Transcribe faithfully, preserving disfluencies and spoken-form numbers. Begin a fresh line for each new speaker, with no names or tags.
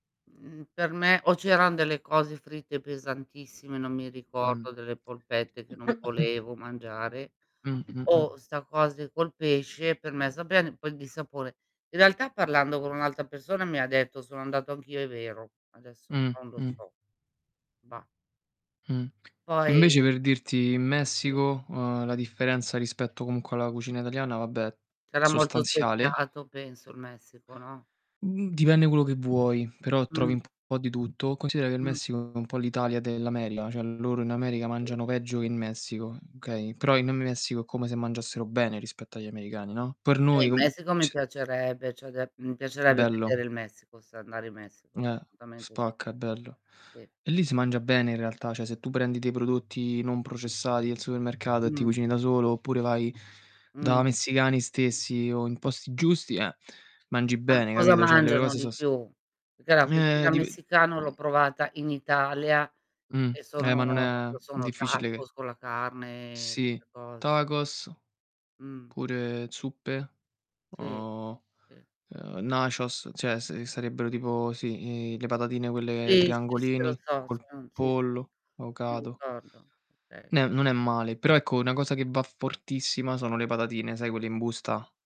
Mhmm, per me o c'eran delle cose fritte pesantissime, non mi
Mh.
ricordo delle polpette che non
[unintelligible]
volevo mangiare
Mh-mh, mh.
o 'sta cose col pesce per me sapeva in poi di sapone. In realtà parlando con un'altra persona mi ha detto: "Sono andato anch'io, è vero", adesso non lo
Mh-mh.
so, bah.
Mh,
Poi
invece per dirti in
[unintelligible]
Messico, uhm, la differenza rispetto comunque alla cucina italiana vabbè,
Sarà molto
sostanziale.
speziato penso in Messico, no?
Mhmm, dipende quello che vuoi, però trovi
Mh.
un po' di tutto. Considera che il
Mh.
Messico è un po' l'Italia dell'America, cioè loro in America
Sì,
mangiano
sì,
peggio che
sì.
in Messico, okay, però in Messico è come se mangiassero bene rispetto agli americani, no, per
Eh,
noi
in
non
Messico mi
c
piacerebbe, ceh, de mhmm, mi piacerebbe vedere
Bello.
il Messico, sai, andare in Messico,
Eh,
assolutamente sì.
spacca è bello.
Sì.
E lì si mangia bene in realtà, ceh se tu prendi dei prodotti non processati al supermercato e ti
Mh.
cucini da solo oppure vai da
Mh.
messicani stessi o in posti giusti, eh, mangi
Ma
bene,
cosa
capito? ceh le
mangiano
cose
di
so s
più? Perché la
ehm,
cucina
dip
messicana l'ho
mh.
provata in Italia
Mh.
e
Eh, ma non
sono
è
sono
difficile che
tacos con la carne e
Sì,
'ste cos
tacos.
Mh.
Pure zuppe,
Sì,
uhm,
sì, sì.
ehm, nachos, cioè se sarebbero tipo sì, i le patatine quelle
Sì, si, sì, lo
triangolini,
so,
col
son sì, sì.
pollo,
Mi
vocado.
ricordo, okay.
Ne non è male, però ecco, una cosa che va fortissima sono le patatine. Sai quelle in busta?